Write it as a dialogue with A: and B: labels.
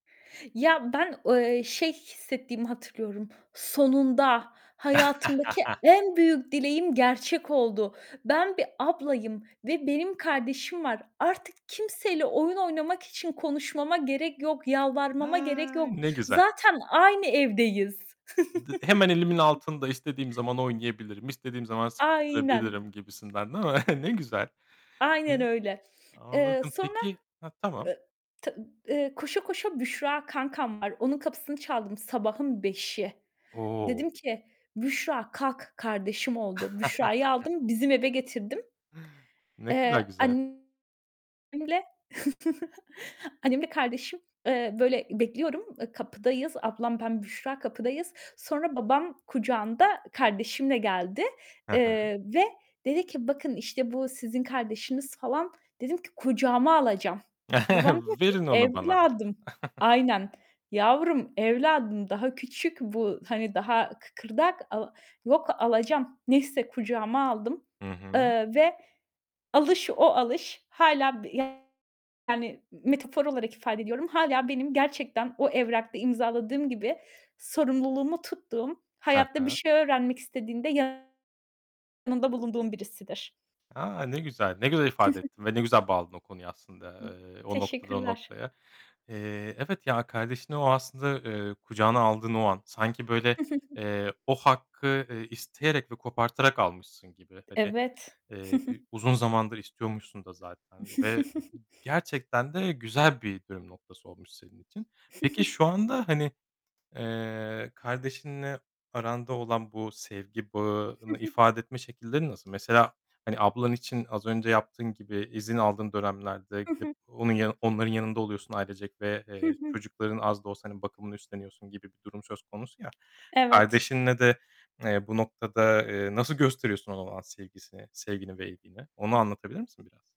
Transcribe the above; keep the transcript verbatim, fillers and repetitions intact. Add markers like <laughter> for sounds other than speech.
A: Ya, ben o eee, şey hissettiğimi hatırlıyorum. Sonunda! Hayatımdaki en
B: <laughs>
A: büyük dileğim gerçek oldu. Ben bir ablayım ve benim kardeşim var. Artık kimseyle oyun oynamak için konuşmama gerek yok, yalvarmama gerek
B: A,
A: yok.
B: ne güzel!
A: Zaten aynı evdeyiz.
B: D Hemen elimin altında istediğim
A: <chuckles>
B: zaman oynayabilirim, istediğim zaman
A: Aynen.
B: sıkıştırabilirim gibisinden, değil mi? <chuckles> Ne güzel.
A: Aynen
B: <unintelligible>
A: öyle. Eee,
B: Anladım.
A: sonra
B: Peki Ha, tamam.
A: e t eee, koşa koşa Büşra kankam var. Onun kapısını çaldım sabahın beşi. Dedim
B: O!
A: ki "Büşra kalk, kardeşim oldu." Büşra'yı
B: <laughs>
A: aldım, bizim eve getirdim.
B: Ne kadar
A: Eee,
B: güzel.
A: annemle, <chuckles> annemle kardeşim, eee, böyle, bekliyorum, eee, kapıdayız. Ablam, ben, Büşra kapıdayız. Sonra babam kucağında kardeşimle geldi.
B: Hı hı.
A: Eee, ve dedi ki "Bakın, işte, bu sizin kardeşiniz." falan. Dedim ki "Kucağıma alacağım." Babam
B: <chuckles>
A: diyor ki
B: Verin onu bana.
A: "Evladım"
B: <chuckles>
A: Aynen. "Yavrum, evladım, daha küçük bu, hani, daha kıkırdak." a "Yok, alacağım." Neyse kucağıma aldım,
B: Hı hı.
A: eee, ve alış o alış. Hâlâ yani metafor olarak ifade ediyorum, hâlâ benim gerçekten o evrakta imzaladığım gibi sorumluluğumu tuttuğum,
B: Hı
A: hayatta bir
B: hı.
A: şey öğrenmek istediğinde yanında bulunduğum birisidir.
B: A! Ne güzel. Ne güzel ifade ettin
A: <chuckles>
B: ve ne güzel bağladın o konuya
A: Hıh.
B: aslında, eee, o noktadan o
A: Teşekkürler.
B: noktaya. Eee, evet, ya, kardeşini o aslında, eee, kucağına aldığın o an sanki, böyle,
A: <chuckles>
B: eee, o hakkı, ııı, isteyerek ve kopartarak almışsın gibi, hani,
A: Evet.
B: eee, bi
A: <chuckles>
B: uzun zamandır istiyormuşsun da zaten ve
A: <chuckles>
B: gerçekten de güzel bir dönüm noktası olmuş senin için. Peki
A: <chuckles>
B: şu anda, hani, eee, kardeşinle aranda olan bu sevgi
A: Hı
B: bağını
A: hı.
B: ifade etme şekillerin nasıl? Mesela, hani, ablan için az önce yaptığın gibi izin aldığın dönemlerde
A: Hı
B: gidip
A: hı.
B: onun yanı onların yanında oluyorsun ailecek ve,
A: Hı
B: eee,
A: hı.
B: çocukların az da olsa, hani, bakımını üstleniyorsun gibi bir durum söz konusu ya.
A: Evet.
B: Kardeşinle de, eee, bu noktada, eee, nasıl gösteriyorsun ona olan sevgisini sevgini ve ilgini? Onu anlatabilir misin biraz?